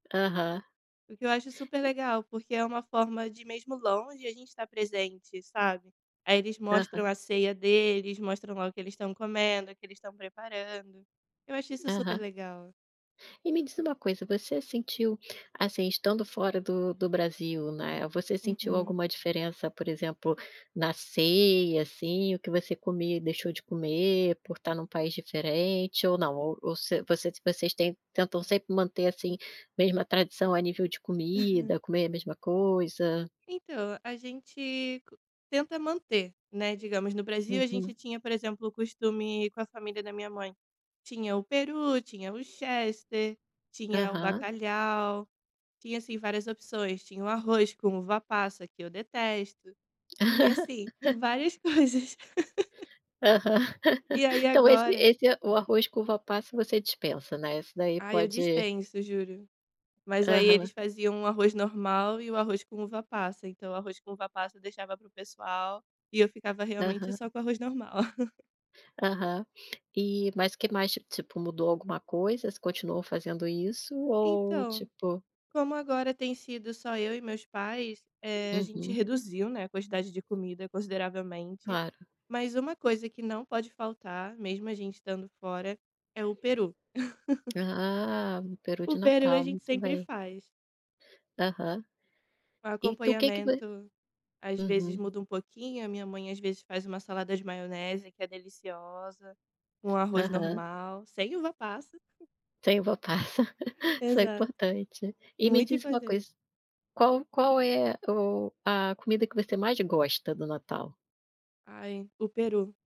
Aham. O que eu acho super legal, porque é uma forma de, mesmo longe, a gente estar presente, sabe. Aí eles mostram Aham. a ceia deles, mostram lá o que eles estão comendo, o que eles estão preparando. Eu acho isso super Aham. legal. E me diz uma coisa, você sentiu, assim, estando fora do do Brasil, né, você sentiu Uhum. alguma diferença por exemplo, na ceia, assim, o que você comia e deixou de comer, por estar em um país diferente, ou não, ou ou você vocês tem tentam sempre manter, assim, mesma tradição a nível de Uhum. comida, comer a mesma coisa? Então, a gente tenta manter, né, digamos, no Brasil a gente Uhum. tinha, por exemplo, o costume com a família da minha mãe. Tinha o peru, tinha o chester, tinha o Aham. bacalhau, tinha assim várias opções, tinha o arroz com uva-passa que eu detesto, tinha, assim, várias coisas. Aham. E aí, Então esse agora esse o arroz com uva-passas você dispensa, né, esse daí Ai, eu pode dispenso, juro. Mas aí eles Aham. faziam o arroz normal e o arroz com uva-passa, então o arroz com uva-passa, deixava para o pessoal, e eu ficava, realmente, Aham. só com arroz normal. Aham. Eh, mas que mais, ti tipo, mudou alguma coisa, você continua fazendo isso ou, Então, tipo como agora tem sido só eu e meus pais, eh, a gente Uhum. reduziu, né, a quantidade de comida consideravelmente, Claro. mas uma coisa que não pode faltar, mesmo a gente estando fora, é o peru. Ah, o peru O de peru a Natal, gente muito sempre bem. faz. Aham. O E tu, o que que vo acompanhamento, às vezes, uhum. muda um pouquinho, a minha mãe, às vezes, faz uma salada de maionese, que é deliciosa, com arroz Aham. normal, sem uva-passas. Sem uva-passa Isso é Exato. importante. E me Muito diz uma importante. coisa qual qual é o a comida que você mais gosta, do Natal? Ai, o peru.